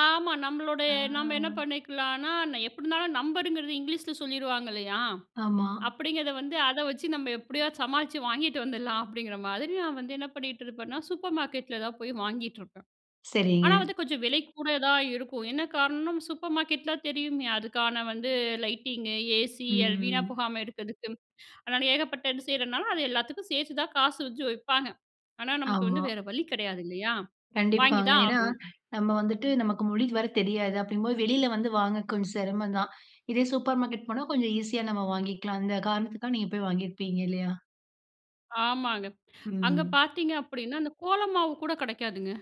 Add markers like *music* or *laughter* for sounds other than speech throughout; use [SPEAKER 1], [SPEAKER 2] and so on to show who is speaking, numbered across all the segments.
[SPEAKER 1] ஆமா, நம்மளோட நம்ம என்ன
[SPEAKER 2] அ.
[SPEAKER 1] பண்ணிக்கலானா எப்டி இருந்தாலும் நம்பருங்கிறது இங்கிலீஷில சொல்லிருவாங்க இல்லையா?
[SPEAKER 2] ஆமா.
[SPEAKER 1] அப்படிங்கிறதை வந்து அதை வச்சு நம்ம எப்படியாது சமாளிச்சு வாங்கிட்டு வந்துர்லாம் அப்படிங்கிற மாதிரி நான் வந்து என்ன பண்ணிட்டுருப்பேன்னா, சூப்பர் மார்க்கெட்டில தான் போய் வாங்கிட்டுருப்பேன்.
[SPEAKER 2] சரிங்க.
[SPEAKER 1] ஆனா வந்து கொஞ்சம் விலை கூட தான் இருக்கும். என்ன காரணம்? சூப்பர் மார்க்கெட்டில தெரியுமே அதுக்கான வந்து லைட்டிங்கு, ஏசி, வீணா
[SPEAKER 2] ம்.
[SPEAKER 1] போகாம இருக்கிறதுக்கு. அதனால ஏகப்பட்ட இது செய்றதுனால அதை எல்லாத்துக்கும் சேர்த்து தான் காசு வச்சு வைப்பாங்க. ஆனா நமக்கு வந்து
[SPEAKER 2] ஆமா.
[SPEAKER 1] வேற வழி கெடையாது இல்லையா? வாங்கி
[SPEAKER 2] கண்டிப்பாங்க.
[SPEAKER 1] தான்
[SPEAKER 2] ஏன்னா,
[SPEAKER 1] ஆகும்.
[SPEAKER 2] நம்ம வந்துட்டு நமக்கு மொழி வேற தெரியாது அப்படிங்கும்போது வெளியில வந்து வாங்க கொஞ்சம் செரமம் தான். இதே சூப்பர் மார்க்கெட் போனா கொஞ்சம் ஈசியா நம்ம வாங்கிக்கலாம். அந்த காரணத்துக்காக நீங்க போய் வாங்கியிருப்பீங்க இல்லையா?
[SPEAKER 1] ஆமாங்க. அங்க
[SPEAKER 2] ம்.
[SPEAKER 1] பார்த்திங்க அப்படின்னா அந்த கோலமாவு கூட கெடைக்காதுங்க.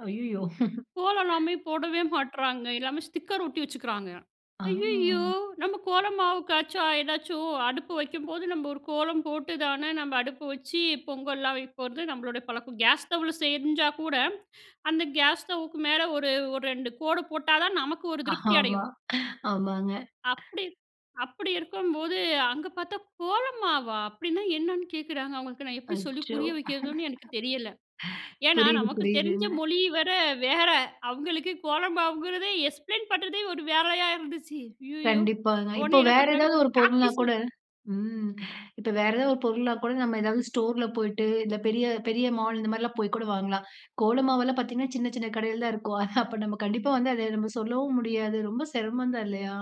[SPEAKER 2] அய்யயோ. *snorts*
[SPEAKER 1] கோலம்லாமே போடவே மாட்றாங்க எல்லாமே ஸ்டிக்கர் ஒட்டி வச்சுக்கிறாங்க.
[SPEAKER 2] ஆ.
[SPEAKER 1] "ஐயயோ நம்ம கோலமாவுக்காச்சும் ஏதாச்சும் அடுப்பு வைக்கும்போது நம்ம ஒரு கோலம் போட்டுதானே நம்ம அடுப்பு வச்சு பொங்கல்லாம் வைக்க போறது நம்மளோட பழக்கம் "கேஸ் ஸ்டவ்ல செஞ்சா கூட அந்த கேஸ் ஸ்டவ்வுக்கு மேல ஒரு, ஒரு ரெண்டு கோடு போட்டா தான் நமக்கு ஒரு திருப்தி
[SPEAKER 2] ஆமா.
[SPEAKER 1] அடையும்.
[SPEAKER 2] ஆமாங்க.
[SPEAKER 1] அப்டி, அப்டி இருக்கும்போது அங்கே பார்த்தா" கோலமாவா? அப்டீனா என்ன"ன்னு கேட்குறாங்க அவங்களுக்கு நான் எப்படி சொல்லி
[SPEAKER 2] அச்சோ!
[SPEAKER 1] புரிய வைக்கிறதுன்னு எனக்கு தெரியல.
[SPEAKER 2] *chuckles*
[SPEAKER 1] ஏன்னா
[SPEAKER 2] புரியுது,
[SPEAKER 1] நமக்கு தெரிஞ்ச
[SPEAKER 2] புரியுதுங்க.
[SPEAKER 1] மொழி வரை வேற அவங்களுக்கு கோலமாவுங்குறது எக்ஸ்ப்ளைன் பண்ணுறதே ஒரு வேலையா இருந்துச்சு. "ஐயயோ"
[SPEAKER 2] கண்டிப்பாங்க. இப்போ
[SPEAKER 1] உடனே என்ன
[SPEAKER 2] வேற
[SPEAKER 1] பண்ணுறாங்க
[SPEAKER 2] ஏதாவது ஒரு
[SPEAKER 1] சாக்
[SPEAKER 2] பொருள்னா கூட
[SPEAKER 1] பீஸ்
[SPEAKER 2] ம் இப்போ வேற ஏதாவது ஒரு பொருள்னா கூட நம்ம ஏதாவது ஸ்டோர்ல போயிட்டு இல்ல பெரிய பெரிய மால். இந்த மாதிரிலாம் போய் கூட வாங்கலாம். கோல மாவெல்லாம் பார்த்தீங்கன்னா சின்ன சின்ன கடையில தான் இருக்கும். அப்போ நம்ம கண்டிப்பா வந்து அத நம்ம சொல்லவும் முடியாது ரொம்ப செரமம் தான் இல்லையா?